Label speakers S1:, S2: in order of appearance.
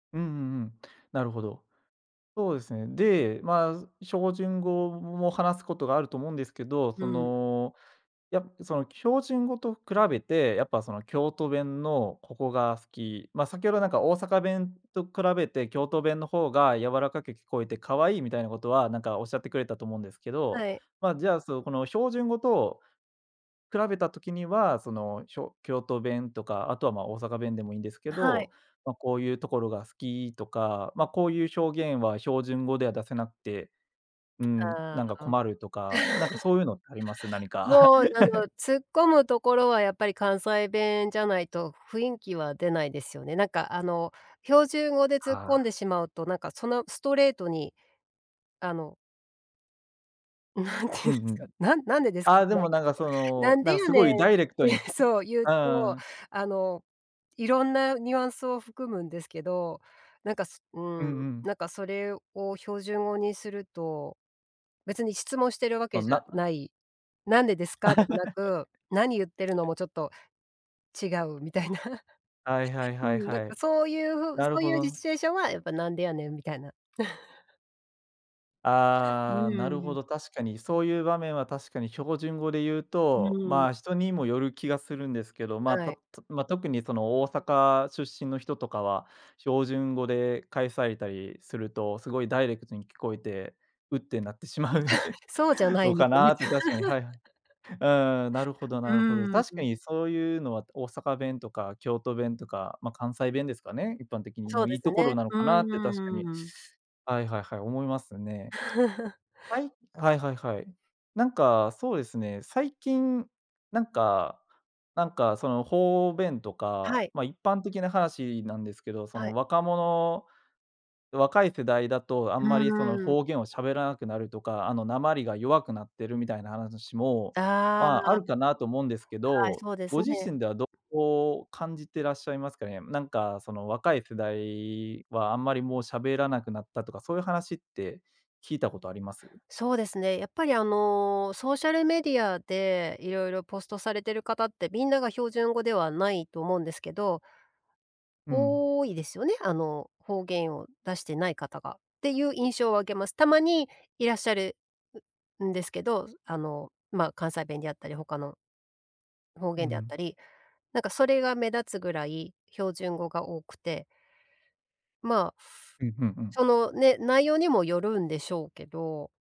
S1: うんうんうん、なるほど。そうですね。で、まあ、ずしょうじゅん語を話すことがあると思うんですけど、
S2: う
S1: そ
S2: ん。
S1: の、やぷ、その標準語と比べて、やっぱその京都弁のここが好き、ま、先ほどなんか大阪弁と比べて京都弁の方が「柔らかく聞こえてかわいい」みたいなことは、なんか仰ってくれたと思うんですけど、
S2: はい。
S1: まあ、じゃあ、そう、その、この標準語と比べた時には、その、しょ京都弁とか、あとは、ま、大阪弁でもいいんですけ
S2: あ、はい。
S1: ど、ま、こういうところが好きとか、ま、こういうしょうげんは標準語では出せなくて、うーん、
S2: あ
S1: なんか
S2: あ、
S1: 困るとか、なんか そういうのってあります？何か。
S2: もうなんが 突っ込むところは、やっぱり関西弁じゃないと雰囲気は出ないですよね。なんかあの、標準語で突っ込
S1: あ
S2: ん
S1: あ。
S2: でしまうと、なんかそのストレートに、あのなんて言う
S1: う
S2: ん
S1: んう
S2: すか。
S1: ん。
S2: 「なんなんでですか」じ
S1: あ、
S2: ゃ
S1: で
S2: ない
S1: も
S2: け
S1: なん
S2: ど
S1: かそ
S2: 「な
S1: の、
S2: ん
S1: な
S2: で
S1: んか
S2: や
S1: す
S2: ねん」
S1: ごい
S2: っ
S1: ダイレクト
S2: て
S1: にき
S2: そう、言う
S1: あん
S2: と、
S1: あん。
S2: あの、色んなニュアンスを含むんですけど、なんかすう
S1: うんう
S2: ん、
S1: ん。
S2: なんかそれを標準語にすると、別に質問しているわけ
S1: そん
S2: じゃ
S1: なうん。
S2: ない「なんでですか？」でもな く「何言ってるの？」もちょっと、違うみたいな。
S1: はいはい
S2: う
S1: はい
S2: ん、だ
S1: は
S2: か、
S1: い。
S2: そういう風
S1: なる
S2: そう
S1: ほ
S2: いう、じすシチ
S1: ど。
S2: ュエーションは、やっぱ「なんでやねん」みたいな。う
S1: あ
S2: ん
S1: あ、
S2: う
S1: なる
S2: んう
S1: ほ
S2: ん。
S1: ど、確かに。そういう場面は確かに標準語で言う
S2: う
S1: と、
S2: ん。
S1: まあ、人にもよる気がするんですけど、ま、
S2: は
S1: た
S2: い。
S1: たま、特にその大阪出身の人とかは、標準語で返されたりするとすごいダイレクトに聞こえて「うっ」てなってしまう
S2: そう じゃない、
S1: の
S2: み
S1: か
S2: たいな
S1: なって確かにはいはい。うーん、なるほど
S2: う
S1: なるほど。
S2: ーん、
S1: 確
S2: う
S1: か
S2: ん。
S1: にそういうのは大阪弁とか京都弁とか、ま、関西弁ですかね、一般的に。
S2: そう
S1: の
S2: で
S1: いい
S2: す
S1: とこ
S2: ね、
S1: ろなの
S2: う
S1: かなって確かに、
S2: ーん。
S1: はいはいはい、思いますね。はい？はいはいはい。なんか、そうですね、最近なんかなんか、その方便と
S2: は
S1: か、
S2: い。
S1: ま、一般的な話なんですけど、そ
S2: は
S1: の
S2: い。
S1: 若者若い世代だと、あ
S2: う
S1: んま
S2: ん
S1: りそ
S2: う
S1: の
S2: んうん。
S1: 方言を喋らなくなるとか、あの、訛りが弱くなってるみたいなはなだしも、
S2: あ
S1: まあ、あ
S2: あ。
S1: るかなと思うんですけ
S2: はい、
S1: ど、
S2: そうで
S1: ご
S2: す
S1: 自
S2: ね。
S1: 身ではどう感じてらっしゃいますかね。なんか、その若い世代はあんまりもう喋らなくなったとかそういう話って、聞いたことあります？
S2: そうですね、やっぱりあの、ソーシャルメディアで色々ポストされてる方って、みんなが標準語ではないと思うんですけど。
S1: うん。
S2: 多いですよね、あの、方言を出してない方が。っていう印象を受けます。たまにいらっしゃる、ううんですけど、あの、ま、関西弁であったり、他の方
S1: う
S2: 言であっ
S1: ん。
S2: たり。なんかそれが目立つぐらい、標準語が多くて。まあ、
S1: うん、ふん、うん。
S2: その、ね、内容にもよるんでしょうけど。